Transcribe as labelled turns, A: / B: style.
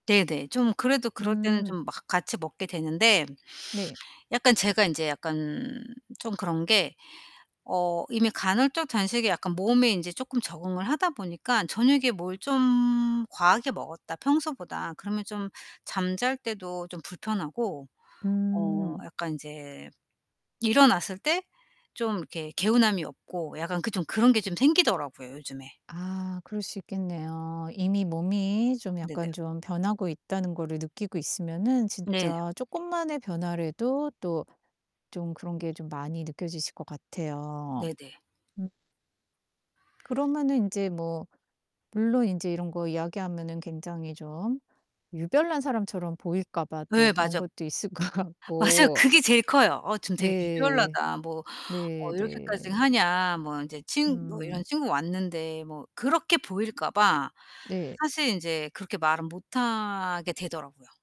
A: 네 네. 좀 그래도 그럴 때는
B: 음.
A: 좀 막 같이 먹게 되는데
B: 네.
A: 약간 제가 인제 약간 좀 그런 게 어 이미 간헐적 단식이 약간 몸에 인제 쪼끔 적응을 하다 보니까 '저녁에 뭘 좀 과하게 먹었다 평소보다.' 그러면 좀 잠 잘 때도 좀 불편하고 어
B: 음.
A: 약간 인제 일어났을 때 좀 이렇게 개운함이 없고 약간 그 좀 그런 게 좀 생기더라고요 요즘에.
B: 아 그럴 수 있겠네요. 이미 몸이 좀
A: 네네.
B: 약간 좀 변하고 있다는 거를 느끼고 있으면은
A: 네.
B: 진짜 쪼끔만의 변화라도 또 좀 그런 게 좀 많이 느껴지실 것 같아요.
A: 네 네.
B: 음. 그러면은 인제 뭐 물론 인제 이런 거 이야기하면은 굉장히 좀 유별난 사람처럼 보일까 봐 또
A: 예.
B: 그런
A: 맞어
B: 것도 있을 것
A: 맞아요.
B: 같고.
A: 그게 제일 커요. '어 좀 되게
B: 네.
A: 유별나다. 뭐
B: 네,
A: 어 이렇게까지
B: 네.
A: 하냐?' 뭐 인제 친 뭐 이런
B: 음.
A: 친구 왔는데 뭐 그렇게 보일까 봐
B: 네.
A: 사실 인제 그렇게 말은 못 하게 되더라고요.